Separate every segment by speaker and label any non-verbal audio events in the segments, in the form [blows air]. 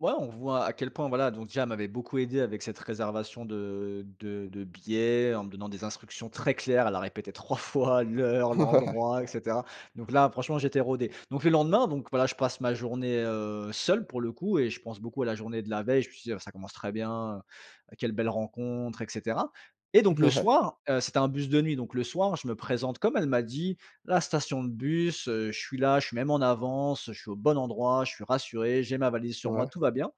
Speaker 1: Ouais. On voit à quel point, voilà, donc, déjà, m'avait beaucoup aidé avec cette réservation de de de billets, en me donnant des instructions très claires. Elle a répété 3 fois l'heure,
Speaker 2: Ouais.
Speaker 1: l'endroit et cetera. Donc, là, franchement, j'étais rodé. Donc, le lendemain, donc, voilà, je passe ma journée, heu, seul pour le coup et je pense beaucoup à la journée de la veille. Je me suis dit: «Heu, ça commence très bien, heu, heu, quelle belle rencontre et cetera» et donc, le
Speaker 2: Mouais.
Speaker 1: soir, heu, c'était un bus de nuit. Donc, le soir, je me présente comme elle m'a dit, la station de bus, heu, je suis là, je suis même en avance, je suis au bon endroit, je suis rassuré. J'ai ma valise sur
Speaker 2: Ouais.
Speaker 1: moi, tout va bien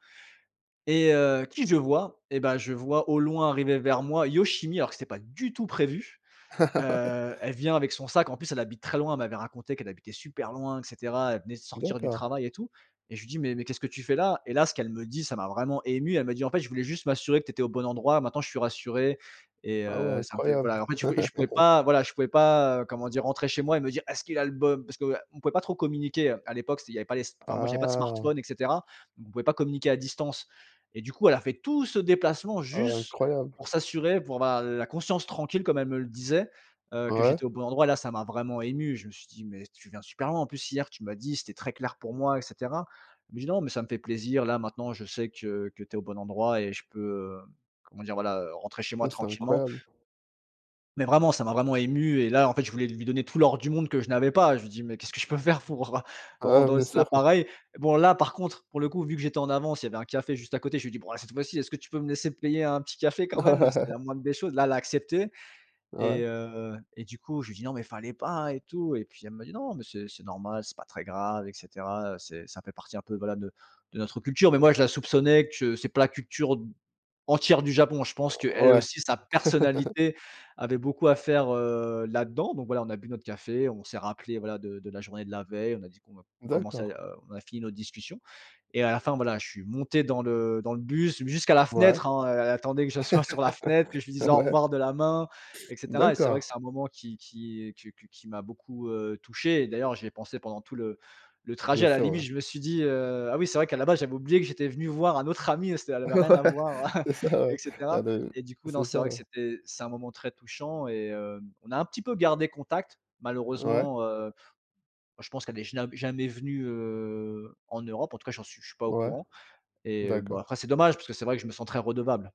Speaker 1: et heu, qui je vois? Et bah, je vois au loin arriver vers moi, Yoshimi, alors que c'était pas du tout prévu.
Speaker 2: Ouais.
Speaker 1: Heu, elle vient avec son sac en plus. Elle habite très loin. Elle m'avait raconté qu'elle habitait super loin et cetera. Elle venait de sortir du
Speaker 2: D'accord.
Speaker 1: travail et tout et je lui dis: «Mais mais qu'est-ce que tu fais là?» et là, ce qu'elle me dit ça m'a vraiment ému. Elle me dit: «En fait, je voulais juste m'assurer que tu étais au bon endroit, maintenant je suis rassurée et
Speaker 2: Ah, ouais.
Speaker 1: heu, ça me fait
Speaker 2: Incroyable!
Speaker 1: voilà, en fait, je voulais je pouvais
Speaker 2: [laughs]
Speaker 1: pas, voilà, je pouvais pas, heu, comment dire, rentrer chez moi et me dire: "Est-ce qu'il a le bo"» parce que, heu, on pouvait pas trop communiquer, heu. À l'époque, c'était il y avait pas les s enfin, moi, j'avais pas de smartphones
Speaker 2: Ah!
Speaker 1: et cetera. On pouvait pas communiquer à distance, et du coup, elle a fait tout ce déplacement
Speaker 2: Ah ouais.
Speaker 1: juste
Speaker 2: Incroyable.
Speaker 1: pour s'assurer, pour avoir l la conscience tranquille, comme elle me le disait, heu, que
Speaker 2: Ouais.
Speaker 1: j'étais au bon endroit et là, ça m'a vraiment ému. Je me suis dit: «Mais, tu viens super loin, en plus, hier, tu m'as dit, c'était très clair, pour moi et cetera». Elle me dit: «Non, mais, ça me fait plaisir. Là, maintenant, je sais que que tu es au bon endroit et je peux, hem, comment dire, voilà, heu, rentrer chez moi
Speaker 2: Hein, c'est
Speaker 1: tranquillement»
Speaker 2: incroyable!
Speaker 1: mais, vraiment ça m'a vraiment ému et là, en fait, je voulais lui don donner tout l'or du monde que je n'avais pas et je lui dis: «Mais, qu'est-ce que je peux faire pour, heu,
Speaker 2: Ouais.
Speaker 1: rendre
Speaker 2: Bien
Speaker 1: aussi la
Speaker 2: sûr. Ouais.
Speaker 1: pareille». Bon, là, par contre, pour le coup, vu que j'étais en avance, il y avait un café juste à côté. Je lui dis: «Bon, bah, cette fois-ci, est-ce que tu peux me laisser te payer un petit café quand même?» heu, c'était la moindre des
Speaker 2: [laughs]
Speaker 1: choses. Là, elle l'a accepté
Speaker 2: Ouais.
Speaker 1: et heu et du coup, je lui dis: «Non, mais fallait pas et tout» et puis, elle me dit: «Non, mais c'est c'est normal, c'est pas très grave et cetera, heu, c'est ça fait partie un peu, voilà, de de notre culture», mais, moi, je la soupçonnais que c'est pas la culture d entière du Japon. Je pense
Speaker 2: Heu,
Speaker 1: qu'elle
Speaker 2: ouais.
Speaker 1: aussi, sa
Speaker 2: [laughs]
Speaker 1: personnalité avait beaucoup à faire, heu, là-dans. Donc, voilà, on a bu notre café, on s'est rappelé, voilà, de de la journée de la veille. On a dit qu'on va commencer,
Speaker 2: D'accord.
Speaker 1: heu, on a fini notre discussion et à la fin, voilà, je suis monté dans le dans le bus jusqu'à la
Speaker 2: Ouais.
Speaker 1: fenêtre, hein, heu. Elle attendait que je sois sur la fenêtre, que je lui
Speaker 2: [laughs]
Speaker 1: dise au
Speaker 2: Ouais.
Speaker 1: revoir de la main et cetera et c'est vrai que
Speaker 2: D'accord.
Speaker 1: c'est un moment qui qui, heu, que que qui m'a beaucoup, heu, touché et d'ailleurs, j'y ai pensé pendant tout le le trajet.
Speaker 2: Bien
Speaker 1: À la
Speaker 2: sûr.
Speaker 1: limite,
Speaker 2: Ouais.
Speaker 1: je me suis dit heu: «Ah oui, c'est vrai qu'à la base, j'avais oublié que j'étais venu voir un autre ami, heu, s te ça
Speaker 2: Ouais,
Speaker 1: n'avait rien à voir [chuckles]
Speaker 2: c'est ça, ouais.
Speaker 1: et
Speaker 2: Ah,
Speaker 1: cetera»
Speaker 2: de
Speaker 1: et du coup, non,
Speaker 2: c'est
Speaker 1: c'est
Speaker 2: ça,
Speaker 1: vrai que
Speaker 2: ouais.
Speaker 1: c'était c'est un moment très touchant et hem, on a un petit peu gardé contact.
Speaker 2: Ouais.
Speaker 1: Malheureusement, heu, [blows air] je pense qu'elle est jnam jamais venue, heu, en Europe. En tout cas, j'en suis je suis pas au
Speaker 2: Ouais.
Speaker 1: courant et heu, bah,
Speaker 2: D'accord.
Speaker 1: après, c'est dommage parce que c'est vrai que je me sens très redevable.